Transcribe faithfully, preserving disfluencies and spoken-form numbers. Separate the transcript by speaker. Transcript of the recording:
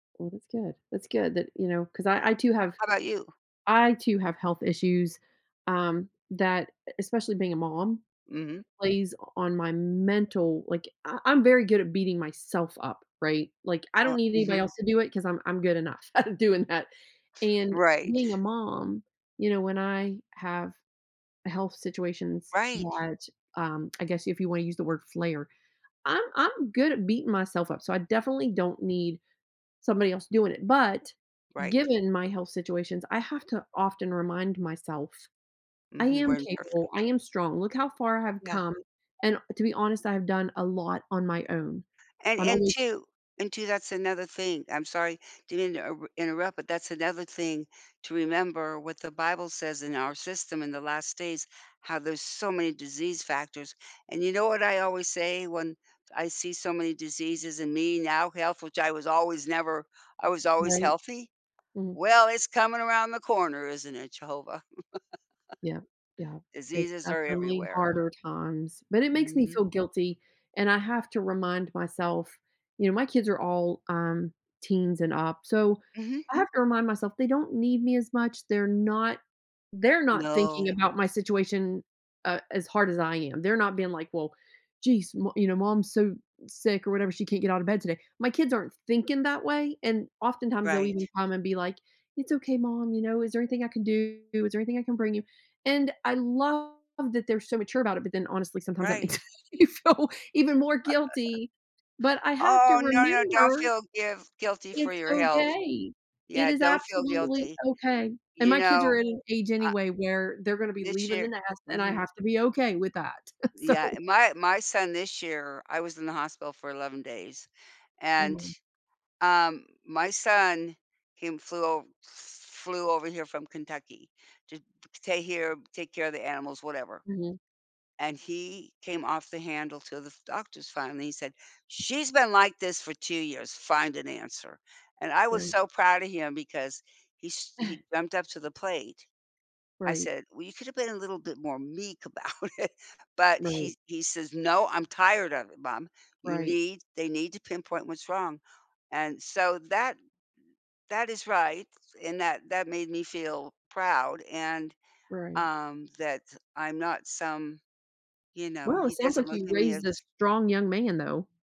Speaker 1: Well, that's good, that's good that, you know 'cause I I, too, have
Speaker 2: How 'bout you?
Speaker 1: I, too, have health issues, um, that, e especially being a mom,
Speaker 2: Mhm.
Speaker 1: plays on my mental, like I I'm very good at beating myself up, right? Like, I don't
Speaker 2: Uh
Speaker 1: need anybody
Speaker 2: mhm.
Speaker 1: else to do it 'cause I'm I'm good enough at doing that, and
Speaker 2: Right.
Speaker 1: being a mom, you know, when I have health situations
Speaker 2: Right.
Speaker 1: that, um, I guess, if you wanna use the word flare I'm I'm good at beating myself up, so I definitely don't need somebody else doing it, but
Speaker 2: Right.
Speaker 1: given my health situations, I have to often remind myself, "I
Speaker 2: Mhm,
Speaker 1: am
Speaker 2: we're
Speaker 1: capable, I
Speaker 2: imperfect.
Speaker 1: am strong, look how far I have
Speaker 2: Yeah.
Speaker 1: come," and to be honest, I have done a lot on my own.
Speaker 2: And
Speaker 1: I'm
Speaker 2: and,
Speaker 1: almost
Speaker 2: too and, too, that's another thing, I'm sorry to inter interrupt, but that's another thing to remember what the Bible says, in our system in the last days, "How there's so many disease factors," and you know what I always say when I see so many diseases in me, now health, which I was always never I was always
Speaker 1: Right.
Speaker 2: healthy?
Speaker 1: Mm.
Speaker 2: "Well, it's coming around the corner isn't it Jehovah?"
Speaker 1: Yep yep, it's
Speaker 2: Diseases are
Speaker 1: definitely
Speaker 2: everywhere.
Speaker 1: harder times, but it makes me
Speaker 2: Mhm.
Speaker 1: feel guilty and I have to remind myself you know, my kids are all, um, teens and up, so,
Speaker 2: Mhm.
Speaker 1: I have to remind myself they don't need me as much, they're not they're not
Speaker 2: No.
Speaker 1: thinking about my situation, uh, as hard as I am, they're not being like, "Well, geez, mo you know, mom's so sick or whatever, she can't get out of bed today," my kids aren't thinking that way, and oftentimes, they'll even
Speaker 2: Right.
Speaker 1: come and be like, "It's okay, mom, you know? Is there anything I can do? Is there anything I can bring you?" And I love that they're so mature about it, but then, honestly, sometimes that makes
Speaker 2: Right.
Speaker 1: me feel even more guilty, but I have to
Speaker 2: Oh, no no, don't
Speaker 1: remember
Speaker 2: feel giv guilty for
Speaker 1: it's
Speaker 2: your health.
Speaker 1: okay, it
Speaker 2: Yeah,
Speaker 1: is
Speaker 2: don't feel
Speaker 1: absolutely
Speaker 2: guilty.
Speaker 1: okay, and
Speaker 2: You
Speaker 1: my kids
Speaker 2: know,
Speaker 1: are at an age
Speaker 2: uh,
Speaker 1: anyway where they're gonna be
Speaker 2: this
Speaker 1: leaving the
Speaker 2: year
Speaker 1: nest, and I
Speaker 2: mhm.
Speaker 1: have to be okay with that. So
Speaker 2: Yeah, my my son this year I was in the hospital for eleven days and,
Speaker 1: Mhm.
Speaker 2: um, my son, he flew o flew over here from Kentucky to to stay here, take care of the animals, whatever.
Speaker 1: Mhm.
Speaker 2: And he came off the handle to the doctors, finally, he said, "She's been like this for two years, find an answer," and I was
Speaker 1: Right.
Speaker 2: so proud of him because he s he jumped up to the plate. I
Speaker 1: Right.
Speaker 2: said, "Well, you could have been a little bit more meek about it," but
Speaker 1: Right.
Speaker 2: he he says, "No, I'm tired of it mom you
Speaker 1: Right.
Speaker 2: need they need to pinpoint what's wrong." And, so, that that is right and that that made me feel proud and,
Speaker 1: Right.
Speaker 2: um, that I'm not some you know,
Speaker 1: Well, it
Speaker 2: he
Speaker 1: sounds
Speaker 2: doesn't
Speaker 1: like
Speaker 2: look
Speaker 1: you
Speaker 2: at me
Speaker 1: raised this
Speaker 2: as
Speaker 1: strong young man, though.